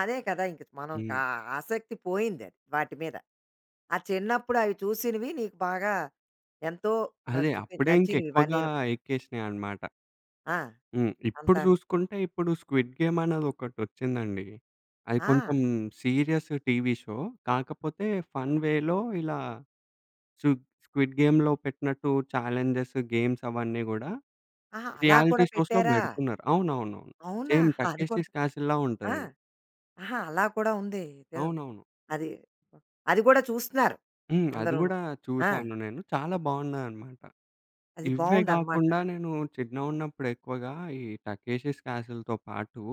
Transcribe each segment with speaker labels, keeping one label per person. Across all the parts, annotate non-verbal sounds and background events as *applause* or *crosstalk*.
Speaker 1: అదే కదా! ఇంక మనం
Speaker 2: హ్మ్.
Speaker 1: కా ఆసక్తి పోయిందది వాటిమీద. ఆ చిన్నప్పుడు అవి చూసినవి నీకు బాగా ఎంతో
Speaker 2: అదే.
Speaker 1: నచ్చతు
Speaker 2: అప్పుడే ఇంక
Speaker 1: నచ్చింది
Speaker 2: ఎక్కువగా
Speaker 1: ఇవన్నీను.
Speaker 2: ఎక్కేసినాయి అన్నమాట.
Speaker 1: ఆ!
Speaker 2: హ్మ్. ఇప్పుడు
Speaker 1: అంతాను.
Speaker 2: చూసుకుంటే ఇప్పుడు స్క్విడ్‌గేమ్ అనేదొకటొచ్చిందండి. అది కొంచెం
Speaker 1: ఆ!
Speaker 2: సీరియస్ టీవీ షో కాకపోతే ఫన్ వేలో ఇలా చూద్ స్క్విడ్‌గేమ్‌లో పెట్టినట్టు చాలెంజెస్, గేమ్స్ అవన్నీ గూడా
Speaker 1: ఆహా! అలా
Speaker 2: రియాలిటీ
Speaker 1: కూడా
Speaker 2: షోస్‌లో
Speaker 1: పెట్టారా?
Speaker 2: బెడుతున్నారు. అవునవునవును.
Speaker 1: అవునా?
Speaker 2: సేమ్
Speaker 1: అది కూడా
Speaker 2: 'టకేషిష్ క్యాసిల్‌‌లా'
Speaker 1: *chuckles* ఆ!
Speaker 2: ఉంటదది.
Speaker 1: ఆహా! అలా కూడా ఉంది ఇదొ
Speaker 2: అవునవును.
Speaker 1: అది అదిగూడ చూస్తున్నారు
Speaker 2: హ్మ్. అది
Speaker 1: అందరూను.
Speaker 2: గూడా
Speaker 1: ఆ!
Speaker 2: చూసాను నేను, చాలా బాగున్నాయన్నమాట.
Speaker 1: అది
Speaker 2: ఇవ్వే
Speaker 1: బావుందనమాట.
Speaker 2: గాకుండా నేను చిన్నగున్నప్పుడు ఎక్కువగా ఈ 'టకేషిష్ క్యాసిల్‌తో' పాటు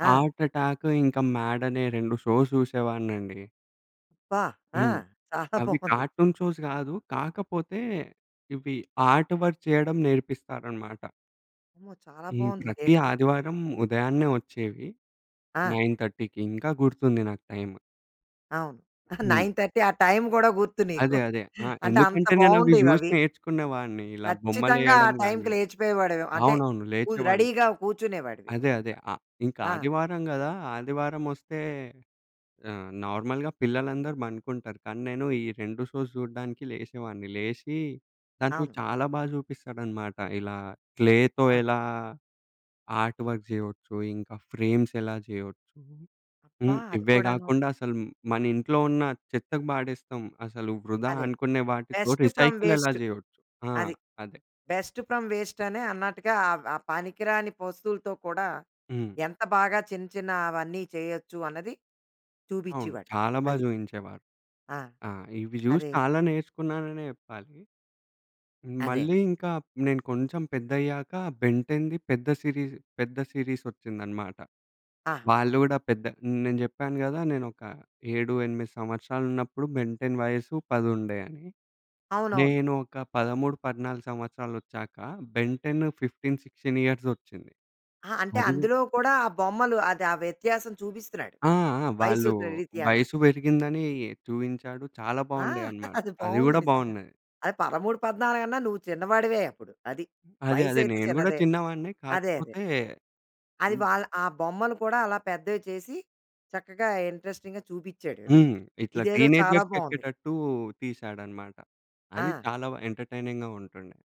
Speaker 1: ఆ!
Speaker 2: 'ఆర్ట్ అటాక్' ఇంక 'మ్యాడ్' అనే 2 షోస్ చూసేవాడ్నండి.
Speaker 1: అబ్బా! ఆ!
Speaker 2: హ్మ్.
Speaker 1: చాలా
Speaker 2: అవి
Speaker 1: బావుంది.
Speaker 2: 'కార్టూన్ షోస్' కాదు కాకపోతే ఇవి ఆర్ట్‌వర్క్ చేయడం నేర్పిస్తారన్నమాట.
Speaker 1: అమ్మో! చాలా
Speaker 2: ఈ
Speaker 1: బావుంది.
Speaker 2: ప్రతి
Speaker 1: ఇదేంటొ?
Speaker 2: ఆదివారం ఉదయాన్నే వచ్చేవి.
Speaker 1: ఆ!
Speaker 2: 9:30కి ఇంకా గుర్తుంది నాకు టైమ్.
Speaker 1: అవును. *chuckles*
Speaker 2: హ్మ్.
Speaker 1: 9:30 ఆ టైమ్ గూడా గుర్తు నీకు.
Speaker 2: అదె. అదె. ఆహ్,
Speaker 1: అంటే అంత
Speaker 2: ఎందుకంటే నేనవి జూసి
Speaker 1: బాగుండేవవి.
Speaker 2: నేర్చుకునేవాడ్ని ఇలా
Speaker 1: ఖచ్చితంగా ఆ
Speaker 2: బొమ్మలేయడం
Speaker 1: టైమ్‌కి
Speaker 2: గాని
Speaker 1: లేచిపోయేవాడివి. అంటే
Speaker 2: అవునవును
Speaker 1: కూ
Speaker 2: లేచేవాడ్ని.
Speaker 1: రెడీగా కూర్చునేవాడివి.
Speaker 2: అదె. అదె
Speaker 1: నువ్వక్కడ
Speaker 2: అ ఇంక
Speaker 1: ఆ!
Speaker 2: ఆదివారం గదా ఆదివారం వస్తే ఆహ్, నార్మల్‌గా పిల్లలందరు పండుకుంటారు. కానీ నేను ఈ 2 షోస్ చూడ్డానికి లేసేవాడిని, లేషి దాంట్లో
Speaker 1: అవును.
Speaker 2: చాలా బాగా చూపిస్తాడనమాట. ఇలా క్లేతో
Speaker 1: ఆ!
Speaker 2: ఎలా ఆర్ట్‌వర్క్ చేయొచ్చు ఇంకా ఫ్రేమ్స్ ఎలా చేయొచ్చు.
Speaker 1: అబ్బా!
Speaker 2: హ్మ్.
Speaker 1: అది
Speaker 2: ఇవే
Speaker 1: కూడాను.
Speaker 2: గాకుండా అసలు మనింట్లో ఉన్న చెత్తకు పాడేస్తం. అసలు వృధా
Speaker 1: అదే.
Speaker 2: అనుకునే వాటితో
Speaker 1: బెస్ట్ ఫ్రమ్
Speaker 2: రీసైకిల్ ఎలా
Speaker 1: వేస్ట్
Speaker 2: చేయొచ్చు? ఆ!
Speaker 1: అది
Speaker 2: అదె.
Speaker 1: బెస్ట్ ఫ్రమ్ వేస్ట్ అనే అన్నట్టుగా ఆ ఆ పనికిరాని వస్తువులతో కూడా
Speaker 2: హ్మ్.
Speaker 1: ఎంత బాగా చిన్న, చిన్న అవన్నీ చేయొచ్చు అన్నది
Speaker 2: అవును.
Speaker 1: చూపిచ్చేవాడు
Speaker 2: చాలా బాగా
Speaker 1: అది.
Speaker 2: జూయించేవారు.
Speaker 1: ఆ!
Speaker 2: ఆ! ఇవి జూసి
Speaker 1: అదే.
Speaker 2: చాలా నేర్చుకున్నాననే చెప్పాలి.
Speaker 1: అదె.
Speaker 2: మళ్ళీ ఇంకా నేను కొంచెం పెద్దయ్యాక 'బెన్‌టెన్‌ది' పెద్ద సీరీస్ పెద్ద సీరీస్ ఒచ్చిందన్నమాట.
Speaker 1: ఆ!
Speaker 2: వాళ్ళు గూడా పెద్ద నేను జెప్పాను కదా నేనొక 7, 8 సంవత్సరాలున్నప్పుడు 'బెంటెన్' వయసు పదుండే అని.
Speaker 1: అవునవును.
Speaker 2: నేను ఒక 13, 14 సంవత్సరాలొచ్చాక 'బెన్‌టన్' 15, 16 ఇయర్స్ దొచ్చింది.
Speaker 1: ఆ! అంటే
Speaker 2: అదిగూడ
Speaker 1: అందులో కూడా ఆ బొమ్మలు అదె ఆ వ్యత్యాసం చూపిస్తున్నాడు
Speaker 2: ఆ! ఆ! వాళ్ళు
Speaker 1: వయస్సురిత్యాను.
Speaker 2: వయసు వెరిగిందని చూయించాడు. చాలా
Speaker 1: ఆ!
Speaker 2: బాగుండే
Speaker 1: *giggles*
Speaker 2: అన్నమాట.
Speaker 1: అది
Speaker 2: అది
Speaker 1: బావుంది
Speaker 2: కూడా
Speaker 1: నిజంగా.
Speaker 2: బాగున్నయి.
Speaker 1: అది 13, పద్నాలగన్నా నువ్వు చిన్నవాడివే అప్పుడు అది.
Speaker 2: అదె, అదె.
Speaker 1: వయసైతే
Speaker 2: నేను‌ గూడా
Speaker 1: చిన్నదే.
Speaker 2: చిన్నవాన్నే.
Speaker 1: అదె. అదె.
Speaker 2: కాకపోతే
Speaker 1: అది
Speaker 2: హ్మ్.
Speaker 1: వాళ్ళ ఆ బొమ్మలు కూడా అలా పెద్దవి‌చేసి చక్కగా ఇంట్రెస్టింగ్‌గా చూపిచ్చాడు. అది.
Speaker 2: హ్మ్. ఇట్ల
Speaker 1: ఇదేదో చాలా బావుంది.
Speaker 2: టీనేజర్స్‌కెక్కేటట్టు తీసాడనమాట. అది
Speaker 1: ఆ!
Speaker 2: చాలా వ ఎంటర్‌‌టైనింగ్‌గా ఉంటుండే.